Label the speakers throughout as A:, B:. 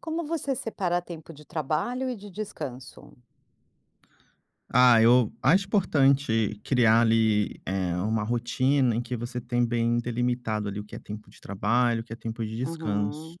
A: Como você separa tempo de trabalho e de descanso?
B: Ah, eu acho importante criar, ali, eh, uma rotina em que você tem bem delimitado, ali, o que é tempo de trabalho, o que é tempo de descanso.
A: Uhum.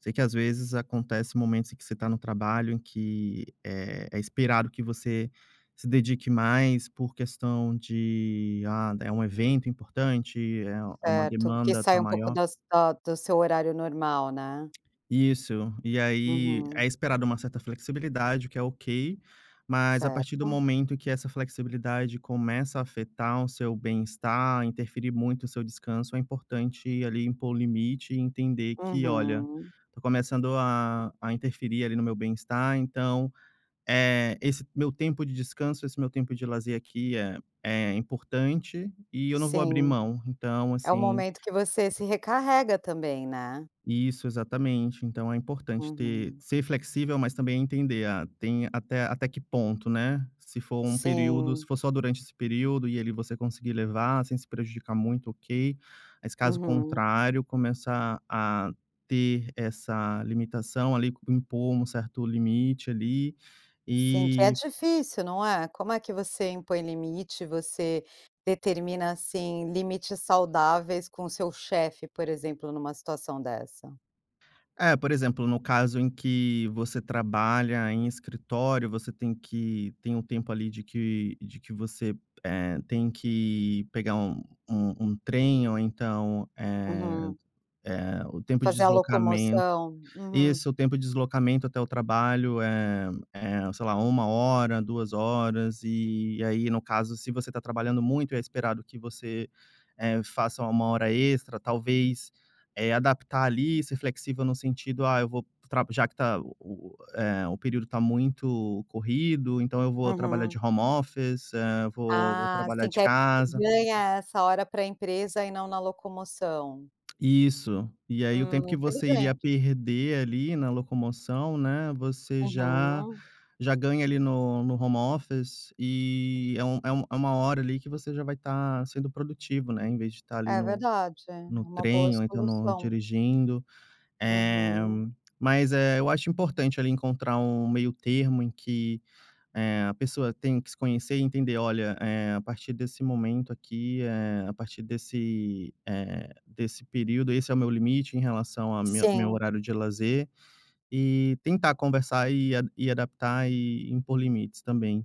B: Sei que, às vezes, acontece momentos em que você está no trabalho que, eh, é esperado que você se dedique mais por questão de, ah, é um evento importante, eh, é uma
A: Certo, que
B: demanda
A: sai
B: tá
A: um pouco
B: maior.
A: das do seu horário normal, né.
B: Isso, e aí é
A: Uhum.
B: esperado uma certa flexibilidade, o que é ok, mas, a partir do
A: Certo.
B: momento que essa flexibilidade começa a afetar o seu bem-estar, interferir muito no seu descanso, é importante ali impor o limite e entender que: "Olha,
A: Uhum.
B: estou começando a a interferir ali no meu bem-estar. Então, eh, esse meu tempo de descanso, esse meu tempo de lazer, aqui, é é importante e eu não vou abrir
A: Sim.
B: mão". Então,
A: É o
B: assim
A: momento que você se recarrega também, né.
B: Isso. Exatamente. Então, é importante ter
A: Uhum.
B: ser flexível, mas também entender a tem até até que ponto, né. Se for um período se
A: Sim.
B: for só durante esse período e ali você conseguir levar sem se prejudicar muito, ok, mas caso
A: Uhum.
B: contrário, começar a ter essa limitação ali. Impor um certo limite, ali,
A: Sim, que é
B: e
A: difícil, não é. Como é que você impõe limite, você determina, assim, limites saudáveis com o seu chefe, por exemplo, numa situação dessa?
B: É, por exemplo, no caso em que você trabalha em escritório, você tem que tem um tempo ali de que de que você, eh, tem que pegar um um trem. Ou então, eh
A: Uhum.
B: eh, o tempo de
A: Fazer a
B: deslocamento
A: locomoção. Uhum.
B: Isso, o tempo de deslocamento até o trabalho é é, sei lá, 1 hora, 2 horas. E aí, no caso, se você tá trabalhando muito, é esperado que você, eh, faça 1 hora extra. Talvez, eh, adaptar ali, ser flexível no sentido: “Ah, eu vou tra já que está o o, eh, o período está muito corrido, então eu vou trabalhar
A: Uhum.
B: de home office, eh, vou vou
A: Ah,
B: trabalhar
A: sim, que
B: de
A: aí você
B: casa.”
A: ganha essa hora para a empresa, e não na locomoção.
B: Isso. E aí, o
A: Hum,
B: tempo que você iria
A: inteligente.
B: perder, ali, na locomoção, né, você já
A: Uhum.
B: já ganha ali no no home office e é um é um é uma hora, ali, que você já vai estar sendo produtivo, né, em vez de estar ali
A: É
B: no
A: verdade. É
B: no
A: uma boa
B: trem ou então no
A: solução.
B: dirigindo. Eh,
A: Uhum.
B: mas, eh, eu acho importante ali encontrar um meio-termo em que, eh, a pessoa tem que se conhecer e entender: “Olha, eh, a partir desse momento aqui, eh, a partir desse, eh, desse período, esse é o meu limite em relação a mi meu
A: Sim.
B: horário de lazer.” E tentar conversar, e e adaptar e impor limites também.